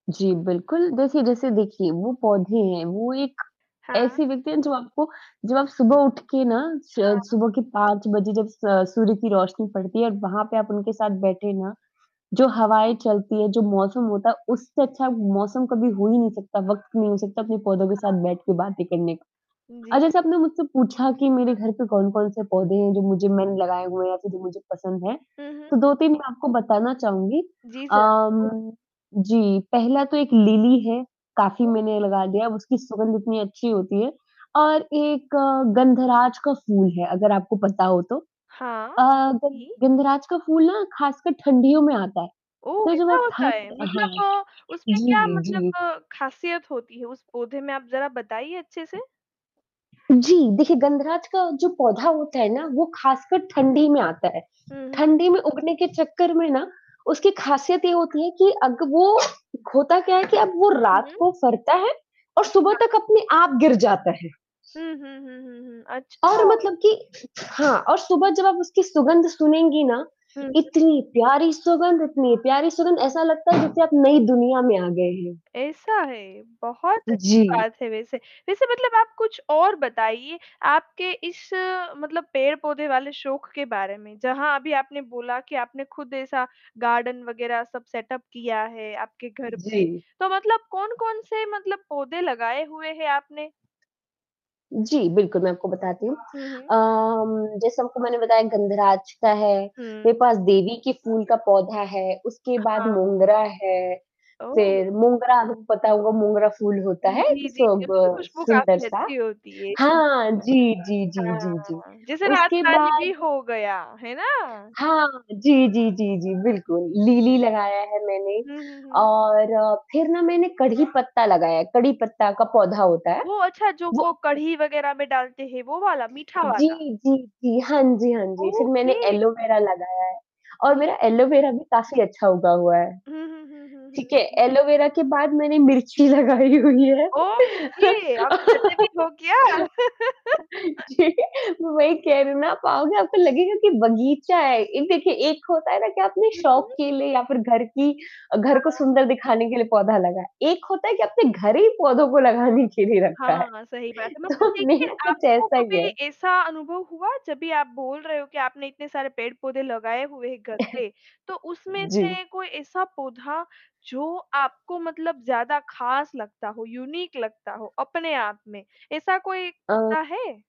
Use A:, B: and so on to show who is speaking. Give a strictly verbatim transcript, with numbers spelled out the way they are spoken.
A: जी, बिल्कुल जैसे जैसे देखिए वो पौधे हैं वो एक
B: हाँ।
A: ऐसी व्यक्ति हैं जो आपको जब आप सुबह उठ के ना श
B: हाँ।
A: सुबह की पाँच बजे जब स सूर्य की रोशनी पड़ती है। और वहाँ पे आप उनके साथ बैठे ना, जो
B: उ, हुँ।
A: हवाएँ चलती हैं, जो मौसम होता है। उससे अच्छा मौसम कभी हो ही नहीं सकता, वक़्त नहीं हो सकता अपने पौधों के
B: हाँ।
A: साथ बैठ के बातें करने का।
B: जी।
A: अच्छा जैसे आपने मुझसे पूछा कि मेरे घर पे कौन-कौन से पौधे हैं जो मुझे मैंने लगाए हुए है या जो मुझे पसंद हैं?
B: हुँ, हुँ।
A: तो दो तीन मैं आपको बताना चाहूँगी।
B: जी, सर।
A: अम जी, पहला तो एक लिली है, काफ़ी
B: [unintelligible]
A: मैंने लगा लिया उसकी सुगंध इतनी अच्छी होती है और एक गंधराज का फूल है अगर आपको पता हो तो।
B: हाँ।
A: अ,
B: जी।
A: गंधराज का फूल ना खासकर ठंडियों में आता है।
B: ओह!
A: तो जब
B: ऐसा
A: आप
B: होता है?
A: ठंड हाँ।
B: मतलब उसमें क्या
A: जी, जी।
B: मतलब खासीयत होती है उस पौधे में? आप ज़रा बताइए अच्छे से?
A: जी, देखिए गंधराज का जो पौधा होता है ना वो खासकर ठंडी में आता है।
B: हुँ, हुँ।
A: ठंडी में उगने के चक्कर में ना उसकी ख़ासियत ये होती है कि अग वो होता क्या है कि अब वो
B: हुँ,
A: रात
B: हुँ।
A: को फ़रता है? और सुबह
B: अच्छा।
A: तक अपने आप गिर जाता है।
B: हुँ, हुँ, हुँ, हुँ।
A: और
B: अच्छा।
A: मतलब कि हाँ, और सुबह जब आप उसकी सुगंध सूँघेगी ना,
B: हुँ, हुँ।
A: इतनी प्यारी सुगंध इतनी प्यारी सुगंध ऐसा लगता है जैसे आप नई दुनिया में आ गए हैं।
B: ऐसा है, बहुत अच्छी
A: जी।
B: बात है वैसे। वैसे मतलब आप कुछ और बताइए आपके इस मतलब पेड़-पौधे वाले शौक के बारे में। जहाँ अभी आपने बोला कि आपने खुद ऐसा गार्डन वग़ैरह सब सेटअप किया है आपके घर पे।
A: जी।
B: तो मतलब कौन-कौन से मतलब पौधे लगाए हुए हैं आपने?
A: जी, बिल्कुल मैं आपको बताती हूँ।
B: हुँ, हुँ।
A: अ, जैसे आपको मैंने बताया गंधराज का है,
B: हुँ।
A: मेरे पास देवी की फूल का पौधा है, उसके बाद
B: हाँ।
A: मोगरा है।
B: ओह!
A: फ़िर मोगरा आपको पता होगा मोगरा फूल होता
B: हुँ,
A: है,
B: जी, जी।
A: सब
B: उसकी
A: अ,
B: खुशबू
A: सुंदर
B: काफ़ी
A: सा
B: अच्छी होती है। हुँ।
A: हाँ जी, जी, जी, जी।
B: हाँ, जैसे
A: उसके
B: रातरानी भी
A: बाद
B: हो गया। है ना?
A: हाँ। जी, जी, जी, जी
B: जी।
A: बिल्कुल लिली लगाया है मैंने
B: हुँ, हुँ, हुँ, हुँ।
A: और फ़िर ना मैंने कड़ी पत्ता लगाया है। कड़ी पत्ता का पौधा होता है।
B: ओह! अच्छा, जो
A: वो
B: वो कढ़ी वग़ैरह में डालते हैं वो वाला, मीठा
A: जी,
B: वाला।
A: जी, जी। हाँ, जी, हाँ, जी। फ़िर मैंने
B: ओके।
A: एलोवेरा लगाया है और
B: हुँ,
A: मेरा
B: हुँ।
A: एलोवेरा भी काफ़ी अच्छा उगा हुआ है।
B: हुँ, हुँ, हुँ, हुँ,
A: ठीक है?
B: हुँ।
A: एलोवेरा के बाद मैंने मिर्ची लगाई हुई है।
B: ओके। आप खाते भी हो क्या?
A: जी, वही कह रही हूँ ना, आओगे आप लगेगा कि बगीचा है। एक देखिए, एक होता है ना कि आपने
B: हुँ,
A: शौक
B: हुँ।
A: के लिए या फ़िर घर की अ, घर को
B: हाँ।
A: सुंदर दिखाने के लिए पौधा लगा। एक होता है कि आपने घर ही पौधों को लगाने के लिए रखा है।
B: हाँ, सही बात है। मतलब
A: तो
B: देखिए,
A: मेरा तो कुछ
B: आपको
A: ऐसा ही
B: कभी
A: है।
B: ऐसा अनुभव हुआ जब भी आप बोल रहे हो कि आपने इतने सारे पेड़-पौधे लगाए हुए है घर पे। तो उसमें
A: जी।
B: से कोई ऐसा पौधा जो आपको मतलब ज़्यादा ख़ास लगता हो, यूनिक लगता हो, अपने आप में? ऐसा कोई पौधा
A: अ
B: है?